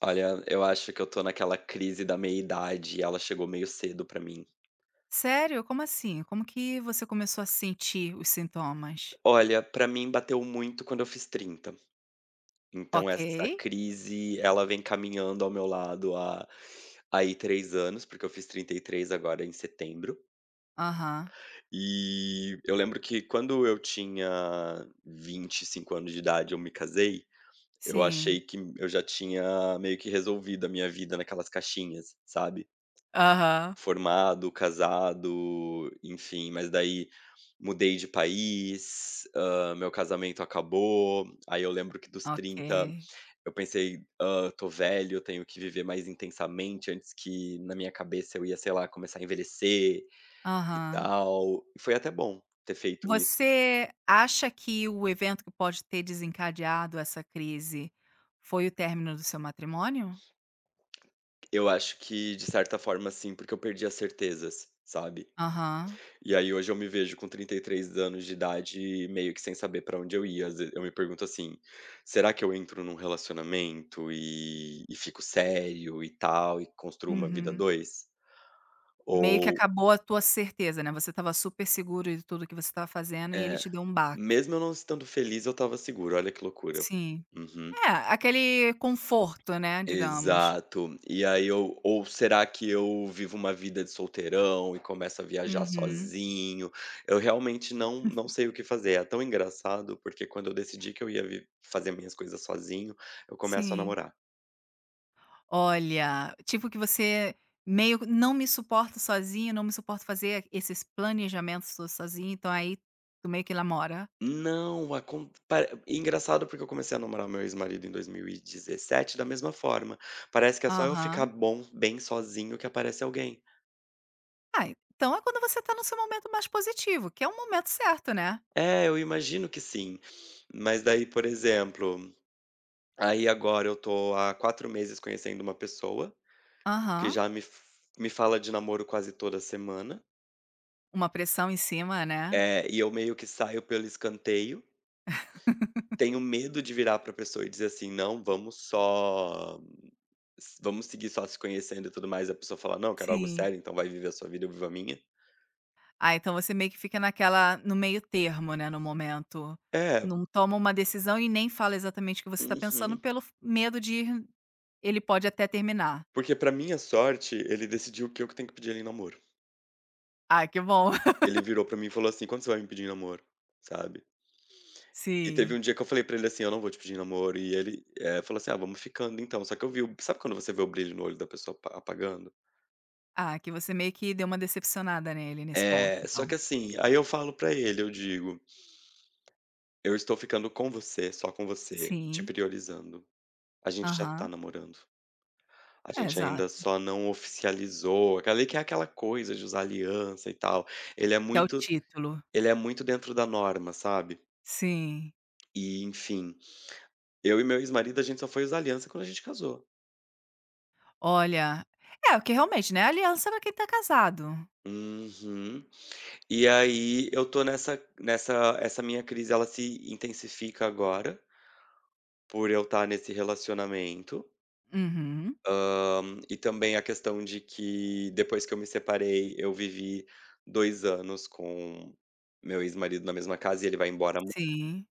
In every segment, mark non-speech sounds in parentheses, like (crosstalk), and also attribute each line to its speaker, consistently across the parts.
Speaker 1: Olha, eu acho que eu estou naquela crise da meia idade e ela chegou meio cedo para mim.
Speaker 2: Sério. Como assim? Como que você começou a sentir os sintomas?
Speaker 1: Olha, para mim bateu muito quando eu fiz 30. Então essa
Speaker 2: Ok.
Speaker 1: crise ela vem caminhando ao meu lado há, aí 3 anos, porque eu fiz 33 agora em setembro.
Speaker 2: Aham.
Speaker 1: E eu lembro que quando eu tinha 25 anos de idade, eu me casei. Eu
Speaker 2: Sim.
Speaker 1: achei que eu já tinha meio que resolvido a minha vida naquelas caixinhas, sabe.
Speaker 2: Aham.
Speaker 1: Formado, casado, enfim, mas daí mudei de país. Ah, meu casamento acabou. Aí eu lembro que dos 30
Speaker 2: Ok.
Speaker 1: eu pensei ah, estou velho, eu tenho que viver mais intensamente antes que na minha cabeça eu ia, sei lá, começar a envelhecer e
Speaker 2: Aham.
Speaker 1: tal. E foi até bom ter feito isso.
Speaker 2: Você acha que o evento que pode ter desencadeado essa crise foi o término do seu matrimônio?
Speaker 1: Eu acho que de certa forma, sim, porque eu perdi as certezas, sabe.
Speaker 2: Aham.
Speaker 1: E aí hoje eu me vejo com 33 anos de idade, meio que sem saber para onde eu ia. Às vezes eu me pergunto assim: "Será que eu entro num relacionamento e e fico sério e tal e construa uma vida a
Speaker 2: Uhum.
Speaker 1: 2
Speaker 2: Meio que
Speaker 1: ou".
Speaker 2: acabou a tua certeza, né. Você estava super seguro e tudo o que você estava fazendo e ele
Speaker 1: É
Speaker 2: te deu um baque.
Speaker 1: mesmo eu não estando feliz, eu estava seguro. Olha que loucura,
Speaker 2: Sim,
Speaker 1: uhum.
Speaker 2: é aquele conforto, né. Digamos.
Speaker 1: Exato. E aí ou ou será que eu vivo uma vida de solteirão e começo a viajar
Speaker 2: Uhum.
Speaker 1: sozinho. Eu realmente não não
Speaker 2: (chuckles)
Speaker 1: sei o que fazer. É tão engraçado, porque quando eu decidi que eu ia vi fazer minhas coisas sozinho, eu começo a
Speaker 2: Sim.
Speaker 1: namorar.
Speaker 2: Olha, tipo que você meio que não me suporta sozinha, não me suporto fazer esses planejamentos todo sozinho, então aí tu meio que namora.
Speaker 1: Não acon pare engraçado porque eu comecei a namorar o meu ex-marido em 2017 da mesma forma, parece que é só eu ficar
Speaker 2: Aham.
Speaker 1: bom, bem sozinho, que aparece alguém.
Speaker 2: Ai, então é quando você tá no seu momento mais positivo, que é um momento certo, né.
Speaker 1: É, eu imagino que sim, mas daí, por exemplo, aí agora eu tô há 4 meses conhecendo uma pessoa, que
Speaker 2: Aham.
Speaker 1: já me fa me fala de namoro quase toda semana.
Speaker 2: Uma pressão em cima, né.
Speaker 1: É, e eu meio que saio pelo escanteio.
Speaker 2: (laughs)
Speaker 1: Tenho medo de virar pra pessoa e dizer assim, não, vamos só vamos seguir só se conhecendo e tudo mais, e a pessoa fala não, eu quero algo
Speaker 2: Sim.
Speaker 1: sério, então vai viver a sua vida e viva a minha.
Speaker 2: Ai, então você meio que fica naquela, no meio termo, né, no momento,
Speaker 1: É.
Speaker 2: não toma uma decisão e nem fala exatamente o que você tá pensando
Speaker 1: Uhum.
Speaker 2: pelo f medo de ir, ele pode até terminar.
Speaker 1: Porque pra minha sorte, ele decidiu o que eu que tenho que pedir ele no namoro.
Speaker 2: Ai, que bom.
Speaker 1: Ele
Speaker 2: (laughs)
Speaker 1: virou pra mim e falou assim: "Quando você vai me pedir em namoro?", sabe. (sniffs) E teve
Speaker 2: Sim.
Speaker 1: um dia que eu falei pra ele assim: "Eu não vou te pedir namoro." e ele, eh, falou assim: "Ah, vamos ficando, então." Só que eu vi o sabe quando você vê o brilho no olho da pessoa apa apagando?
Speaker 2: Ah, que você meio que deu uma decepcionada nele nesse ponto,
Speaker 1: É, só que
Speaker 2: então.
Speaker 1: assim, aí eu falo para ele, eu digo: "Eu estou ficando com você, só com você, te
Speaker 2: Sim.
Speaker 1: priorizando, a gente já tá
Speaker 2: Aham.
Speaker 1: namorando. A
Speaker 2: É,
Speaker 1: gente ainda
Speaker 2: exato.
Speaker 1: só não oficializou", aqueli que é aquela coisa de usar aliança e tal. Ele é
Speaker 2: Quer o
Speaker 1: muito
Speaker 2: título.
Speaker 1: ele é muito dentro da norma, sabe.
Speaker 2: Sim.
Speaker 1: E enfim, eu e meu ex-marido, a gente só foi usar aliança quando a gente casou.
Speaker 2: Olha, é o que realmente, né, aliança é pra quem tá casado.
Speaker 1: Uhum, e aí, eu tô nessa nessa essa minha crise, ela se intensifica agora por eu estar nesse relacionamento
Speaker 2: Uhum.
Speaker 1: hã, e também a questão de que, depois que eu me separei, eu vivi dois anos com meu ex-marido na mesma casa e ele vai embora aman
Speaker 2: Sim.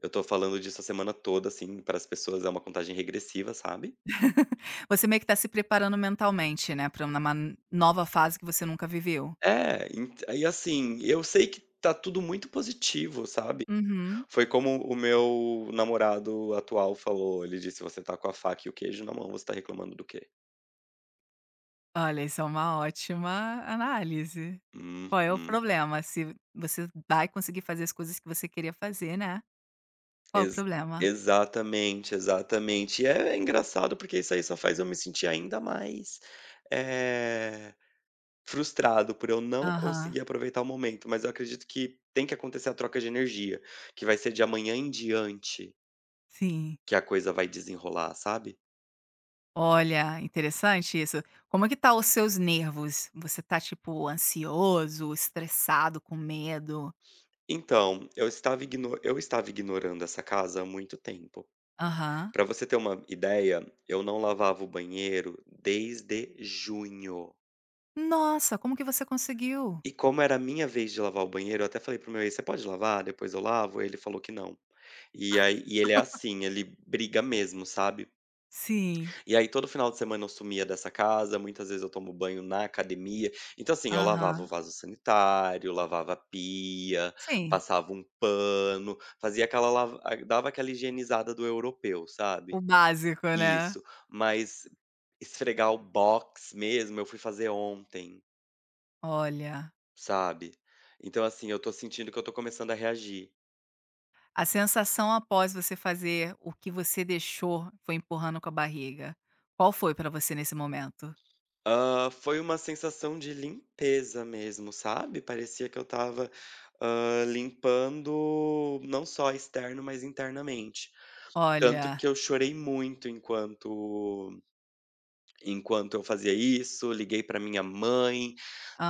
Speaker 1: Eu estou falando disso a semana toda, assim, para as pessoas. É uma contagem regressiva, sabe?
Speaker 2: (laughs) Você meio que está se preparando mentalmente, né, para uma man nova fase que você nunca viveu.
Speaker 1: É, ent E, assim, eu sei que tá tudo muito positivo, sabe?
Speaker 2: Uhum.
Speaker 1: Foi como o meu namorado atual falou. Ele disse: "Você está com a faca e o queijo na mão. Você está reclamando do quê?"
Speaker 2: Olha, isso é uma ótima análise. Qual é o
Speaker 1: Uhum.
Speaker 2: problema? Se você vai conseguir fazer as coisas que você queria fazer, né, qual o
Speaker 1: Ex
Speaker 2: problema?
Speaker 1: exatamente, exatamente. É, é engraçado, porque isso aí só faz eu me sentir ainda mais, eh, frustrado por eu não
Speaker 2: Aham.
Speaker 1: conseguir aproveitar o momento, mas eu acredito que tem que acontecer a troca de energia, que vai ser de amanhã em diante
Speaker 2: Sim.
Speaker 1: que a coisa vai desenrolar, sabe?
Speaker 2: Olha, interessante isso, como é que tá os seus nervos? Você está, tipo, ansioso, estressado, com medo?
Speaker 1: Então, eu estava igno Eu estava ignorando essa casa há muito tempo.
Speaker 2: Aham.
Speaker 1: Para você ter uma ideia: eu não lavava o banheiro desde junho.
Speaker 2: Nossa, como que você conseguiu?
Speaker 1: E como era a minha vez de lavar o banheiro, eu até falei para o meu ex: "Você pode lavar, depois eu lavo?", ele falou que não. E aí, e ele é
Speaker 2: (laughs)
Speaker 1: assim, ele briga mesmo, sabe.
Speaker 2: Sim.
Speaker 1: E aí todo final de semana eu sumia dessa casa, muitas vezes eu tomo banho na academia. Então assim, eu lavava o
Speaker 2: Aham.
Speaker 1: vaso sanitário, lavava a pia,
Speaker 2: Sim.
Speaker 1: passava um pano, fazia aquela lava ah, dava aquela higienizada do europeu, sabe.
Speaker 2: O básico, né.
Speaker 1: Isso. Mas esfregar o box mesmo, eu fui fazer ontem.
Speaker 2: Olha.
Speaker 1: Sabe. Então assim, eu estou sentindo que eu estou começando a reagir.
Speaker 2: A sensação após você fazer o que você deixou, foi empurrando com a barriga, qual foi para você nesse momento?
Speaker 1: Hã, foi uma sensação de limpeza mesmo, sabe. Parecia que eu estava, hã, limpando não só externo, mas internamente. Tanto
Speaker 2: Olha.
Speaker 1: que eu chorei muito enquanto enquanto eu fazia isso, liguei pra minha mãe,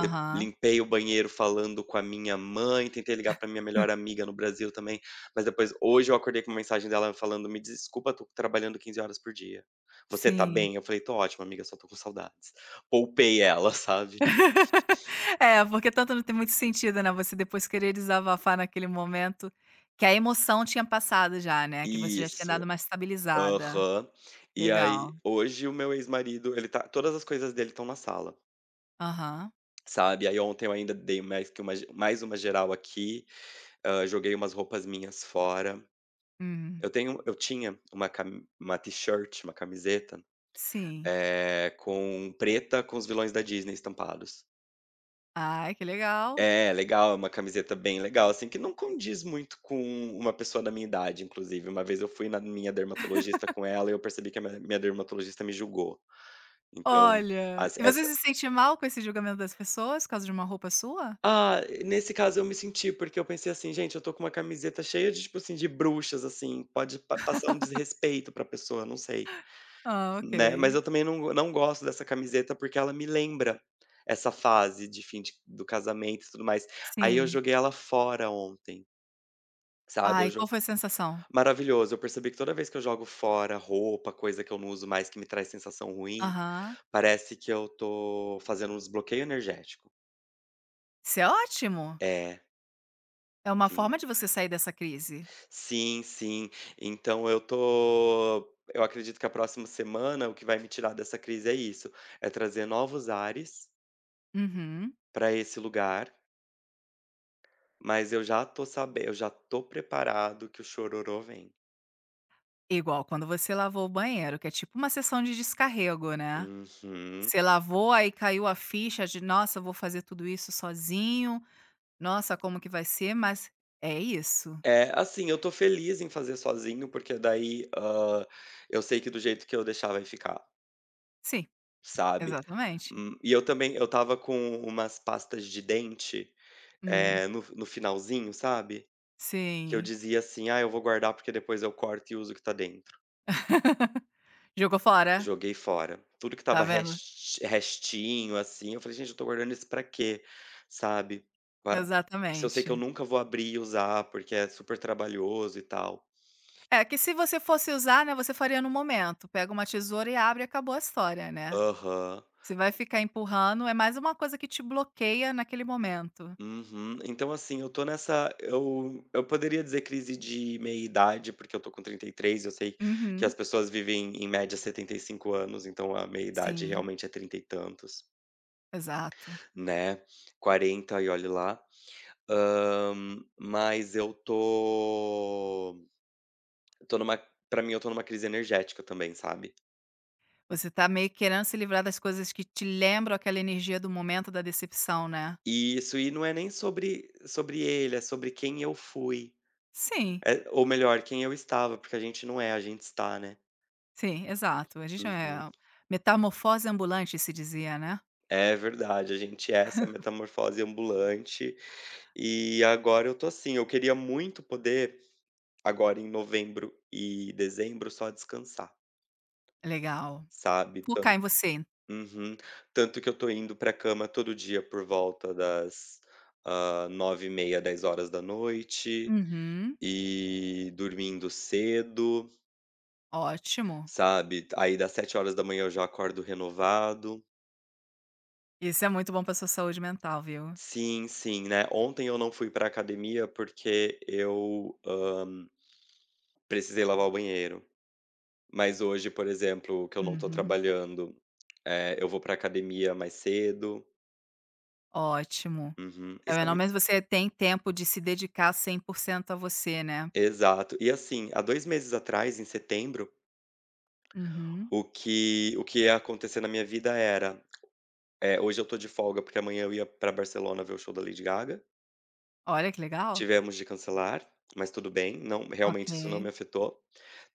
Speaker 1: de limpei o banheiro falando com a minha mãe, tentei ligar para a minha melhor
Speaker 2: (laughs)
Speaker 1: amiga no Brasil também, mas depois, hoje eu acordei com mensagem dela falando: "Me desculpa, eu estou trabalhando 15 horas por dia. Você está
Speaker 2: Sim.
Speaker 1: bem?" Eu falei: "Estou ótimo, amiga, só estou com saudades", poupei ela, sabe.
Speaker 2: (laughs) É, porque tanto não tem muito sentido, né, você depois querer desabafar naquele momento, que a emoção tinha passado já, né, que você já tinha dado
Speaker 1: Isso.
Speaker 2: uma estabilizada.
Speaker 1: Aham. E aí,
Speaker 2: Legal.
Speaker 1: hoje o meu ex-marido, ele tá todas as coisas dele estão na sala.
Speaker 2: Aham.
Speaker 1: Sabe, aí ontem eu ainda dei mais que uma mais uma geral aqui, ah, joguei umas roupas minhas fora.
Speaker 2: Hum.
Speaker 1: Eu tenho eu tinha uma cami uma t-shirt, uma camiseta.
Speaker 2: Sim.
Speaker 1: É com preta com os vilões da Disney estampados.
Speaker 2: Ai que legal.
Speaker 1: É legal, é uma camiseta bem legal, assim, que não condiz muito com uma pessoa da minha idade, inclusive uma vez eu fui na minha dermatologista com ela e
Speaker 2: (laughs)
Speaker 1: eu percebi que a minha minha dermatologista me julgou, então
Speaker 2: Olha,
Speaker 1: as
Speaker 2: e você
Speaker 1: essa
Speaker 2: se sente mal com esse julgamento das pessoas por causa de uma roupa sua.
Speaker 1: Ah, nesse caso, eu me senti, porque eu pensei assim gente, eu estou com uma camiseta cheia de tipo assim, de bruxas, assim pode pa passar um
Speaker 2: (laughs)
Speaker 1: desrespeito para a pessoa, não sei,
Speaker 2: Ah,
Speaker 1: né. Mas
Speaker 2: ok.
Speaker 1: eu também não não gosto dessa camiseta, porque ela me lembra essa fase de fim de do casamento e tudo mais, aí eu
Speaker 2: Sim.
Speaker 1: joguei ela fora ontem. Sabe,
Speaker 2: Ah,
Speaker 1: eu
Speaker 2: e
Speaker 1: jo
Speaker 2: qual foi a sensação?
Speaker 1: maravilhoso, eu percebi que toda vez que eu jogo fora roupa, coisa que eu não uso mais que me traz sensação ruim,
Speaker 2: Aham.
Speaker 1: parece que eu estou fazendo um desbloqueio energético.
Speaker 2: Isso é ótimo.
Speaker 1: É.
Speaker 2: É uma forma
Speaker 1: Sim.
Speaker 2: de você sair dessa crise.
Speaker 1: Sim, sim. Então eu tô eu acredito que a próxima semana, o que vai me tirar dessa crise é isso, é trazer novos ares
Speaker 2: Uhum.
Speaker 1: para esse lugar. Mas eu já tô saben eu já tô preparado que o chororô vem.
Speaker 2: Igual quando você lavou o banheiro, que é tipo uma sessão de descarrego, né.
Speaker 1: Uhum.
Speaker 2: Você lavou, aí caiu a ficha de: "Nossa, eu vou fazer tudo isso sozinho. Nossa, como que vai ser", mas é isso.
Speaker 1: É. Assim, eu estou feliz em fazer sozinho, porque daí, hã, eu sei que do jeito que eu deixar, vai ficar.
Speaker 2: Sim.
Speaker 1: Sabe.
Speaker 2: Exatamente.
Speaker 1: Hum, e eu também eu estava com umas pastas de dente,
Speaker 2: Hum.
Speaker 1: eh, no no finalzinho, sabe, que eu
Speaker 2: Sim.
Speaker 1: dizia assim: "Ah, eu vou guardar, porque depois eu corto e uso o que está dentro".
Speaker 2: (laughs) Jogou fora?
Speaker 1: Joguei fora. Tudo que
Speaker 2: Tá
Speaker 1: estava
Speaker 2: vendo.
Speaker 1: resti restinho, assim, eu falei: "Gente, eu estou guardando isso para quê?", sabe. Pa se eu sei que eu
Speaker 2: Exatamente.
Speaker 1: nunca vou abrir e usar, porque é super trabalhoso, e tal.
Speaker 2: É, que se você fosse usar, né, você faria no momento. Pega uma tesoura e abre, e acabou a história, né.
Speaker 1: Aham.
Speaker 2: Você vai ficar empurrando, é mais uma coisa que te bloqueia naquele momento.
Speaker 1: Uhum. Então assim, eu estou nessa eu eu poderia dizer crise de meia-idade, porque eu estou com 33, e eu sei que
Speaker 2: Uhum.
Speaker 1: as pessoas vivem em média 75 anos, então a meia idade
Speaker 2: Sim.
Speaker 1: realmente é 30 e tantos
Speaker 2: Exato.
Speaker 1: né. 40, e olhe lá. Hã, mas eu tô eu estou numa pra mim, eu tô numa crise energética também, sabe.
Speaker 2: Você tá meio querendo se livrar das coisas que te lembram aquela energia do momento da decepção, né?
Speaker 1: Isso. E não é nem sobre sobre ele, é sobre quem eu fui.
Speaker 2: Sim.
Speaker 1: Eh, ou melhor, quem eu estava, porque a gente não é, a gente está, né?
Speaker 2: Sim. Exato. A gente não
Speaker 1: Uhum.
Speaker 2: é "Metamorfose Ambulante" que se dizia, né?
Speaker 1: É, verdade. A gente é essa
Speaker 2: (giggles)
Speaker 1: metamorfose ambulante. E agora eu estou assim: eu queria muito poder, agora em novembro e dezembro, só descansar.
Speaker 2: Legal.
Speaker 1: Sabe, tan
Speaker 2: Focar em você.
Speaker 1: Uhum. Tanto que eu estou indo para a cama todo dia por volta das, ah, 21h30, 22h
Speaker 2: Uhum.
Speaker 1: e dormindo cedo.
Speaker 2: Ótimo.
Speaker 1: Sabe? D aí, dá 7h eu já acordo renovado.
Speaker 2: Isso é muito bom para a sua saúde mental, viu?
Speaker 1: Sim, sim, né? Ontem eu não fui para a academia porque eu, hã precisei lavar o banheiro. Mas hoje, por exemplo, que eu não estou
Speaker 2: Uhum.
Speaker 1: trabalhando, eh, eu vou para a academia mais cedo.
Speaker 2: Ótimo.
Speaker 1: Uhum, e
Speaker 2: (unintelligible)
Speaker 1: sabe
Speaker 2: menos você tem tempo de se dedicar 100% a você, né.
Speaker 1: Exato. E assim, há 2 meses atrás, em setembro
Speaker 2: Uhum.
Speaker 1: o que o que ia acontecer na minha vida era, eh, hoje eu tô de folga, porque amanhã eu ia pra Barcelona ver o show da Lady Gaga
Speaker 2: Olha, que legal.
Speaker 1: tivemos de cancelar, mas tudo bem, não realmente, isso não
Speaker 2: Ok.
Speaker 1: me afetou.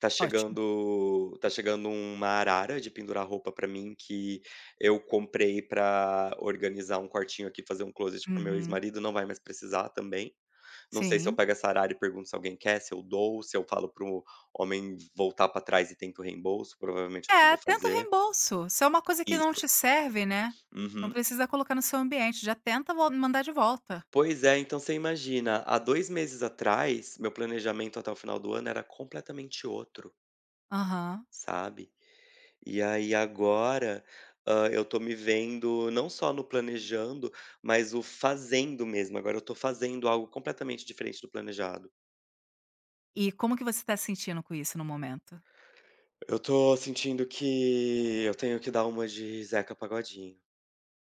Speaker 1: Tá
Speaker 2: Ótimo.
Speaker 1: chegando tá chegando uma arara de pendurar roupa pra mim, que eu comprei pra organizar um quartinho aqui, fazer um closet para o meu
Speaker 2: Uhum.
Speaker 1: ex-marido, não vai mais precisar também. Não sei se eu
Speaker 2: Sim.
Speaker 1: pego essa arara e pergunto se alguém quer, se eu doou, se eu falo para o homem voltar pra trás e tento o reembolso, provavelmente é o que eu
Speaker 2: É,
Speaker 1: vou
Speaker 2: tenta o
Speaker 1: fazer.
Speaker 2: reembolso. Se é uma coisa que não
Speaker 1: Isso.
Speaker 2: te serve, né, não
Speaker 1: Uhum.
Speaker 2: precisa colocar no seu ambiente, já tenta vol mandar de volta.
Speaker 1: Pois é, então você imagina, há 2 meses atrás, meu planejamento até o final do ano era completamente outro
Speaker 2: Aham.
Speaker 1: sabe. E aí agora, hã, eu tô me vendo, não só no planejando, mas o fazendo mesmo, agora eu tô fazendo algo completamente diferente do planejado.
Speaker 2: E como que você tá se sentindo com isso, no momento?
Speaker 1: Eu tô sentindo que eu tenho que dar uma de Zeca Pagodinho.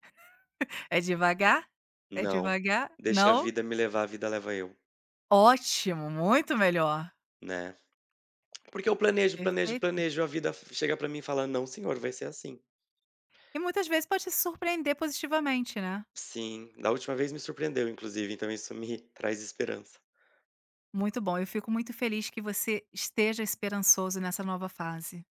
Speaker 2: (chuckles) "É devagar, é
Speaker 1: Não,
Speaker 2: devagar",
Speaker 1: "deixa a
Speaker 2: não?
Speaker 1: vida me levar, vida leva eu".
Speaker 2: Ótimo, muito melhor.
Speaker 1: Né. Porque eu planejo, planejo,
Speaker 2: Perfeito.
Speaker 1: planejo, a vida v chega pra mim e fala: "Não senhor, vai ser assim".
Speaker 2: E muitas vezes pode te surpreender positivamente, né.
Speaker 1: Sim, da última vez me surpreendeu, inclusive, então isso me traz esperança.
Speaker 2: Muito bom, eu fico muito feliz que você esteja esperançoso nessa nova fase.